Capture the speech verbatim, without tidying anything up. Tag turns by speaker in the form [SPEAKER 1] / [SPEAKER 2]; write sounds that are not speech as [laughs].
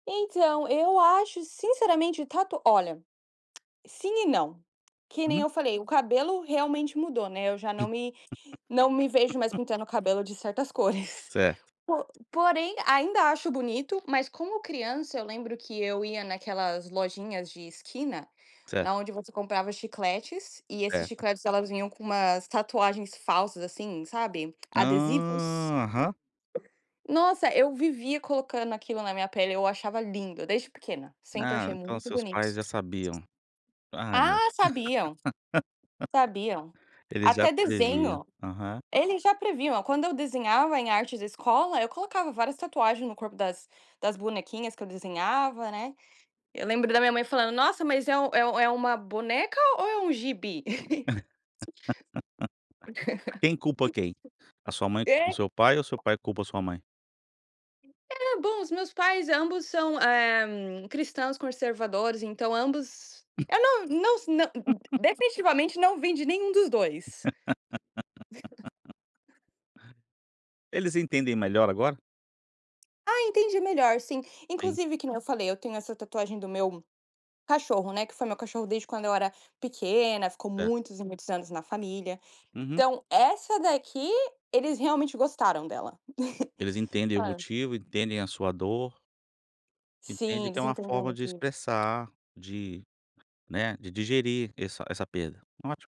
[SPEAKER 1] Então, eu acho sinceramente o tato, olha, sim e não, que nem
[SPEAKER 2] Uhum.
[SPEAKER 1] eu falei o cabelo realmente mudou, né, eu já não me não me vejo mais
[SPEAKER 2] [laughs]
[SPEAKER 1] pintando o cabelo de certas cores. [chuckles]
[SPEAKER 2] Certo.
[SPEAKER 1] Po porém ainda acho bonito, mas como criança eu lembro que eu ia naquelas lojinhas de esquina,
[SPEAKER 2] Certo.
[SPEAKER 1] na onde você comprava chicletes, e esses
[SPEAKER 2] Certo.
[SPEAKER 1] chicletes elas vinham com umas tatuagens falsas, assim, sabe, adesivos.
[SPEAKER 2] Ah, aham.
[SPEAKER 1] Nossa, eu vivia colocando aquilo na minha pele, eu achava lindo, desde pequena, sempre
[SPEAKER 2] Ah,
[SPEAKER 1] achei
[SPEAKER 2] então,
[SPEAKER 1] muito
[SPEAKER 2] seus
[SPEAKER 1] bonito
[SPEAKER 2] pais
[SPEAKER 1] isso.
[SPEAKER 2] já sabiam. Ah, meu
[SPEAKER 1] Ah sabiam, sabiam,
[SPEAKER 2] [laughs] Eles já
[SPEAKER 1] até
[SPEAKER 2] previam.
[SPEAKER 1] desenho,
[SPEAKER 2] Aham.
[SPEAKER 1] eles já previam, quando eu desenhava em artes escola, eu colocava várias tatuagens no corpo das das bonequinhas que eu desenhava, né. Eu lembro da minha mãe falando nossa mas é o é é um boneca ou é um gibi?
[SPEAKER 2] [laughs] Quem culpa quem? A
[SPEAKER 1] [chuckles]
[SPEAKER 2] sua mãe
[SPEAKER 1] [chuckles]
[SPEAKER 2] culpa o
[SPEAKER 1] É.
[SPEAKER 2] seu pai ou o seu pai culpa a sua mãe?
[SPEAKER 1] É, bom os meus pais, ambos são, eh, cristãos conservadores, então, ambos, eu não não s não
[SPEAKER 2] [laughs]
[SPEAKER 1] definitivamente não vem de nenhum dos dois.
[SPEAKER 2] [laughs]
[SPEAKER 1] [chuckles]
[SPEAKER 2] Eles entendem melhor agora?
[SPEAKER 1] Ah, entende melhor sim,
[SPEAKER 2] Sim.
[SPEAKER 1] inclusive, que nem eu falei eu tenho essa tatuagem do meu cachorro, né, que foi meu cachorro desde quando eu era pequena, ficou
[SPEAKER 2] É.
[SPEAKER 1] muitos e muitos anos na família,
[SPEAKER 2] Uhum.
[SPEAKER 1] então, essa daqui eles realmente gostaram dela.
[SPEAKER 2] Eles
[SPEAKER 1] [chuckles]
[SPEAKER 2] entendem o
[SPEAKER 1] Claro.
[SPEAKER 2] motivo, entendem a sua dor
[SPEAKER 1] Sim,
[SPEAKER 2] entendem que é
[SPEAKER 1] eles
[SPEAKER 2] uma
[SPEAKER 1] entenderam o
[SPEAKER 2] forma de
[SPEAKER 1] motivo.
[SPEAKER 2] expressar, de, né, de digerir essa essa perda. Ótimo.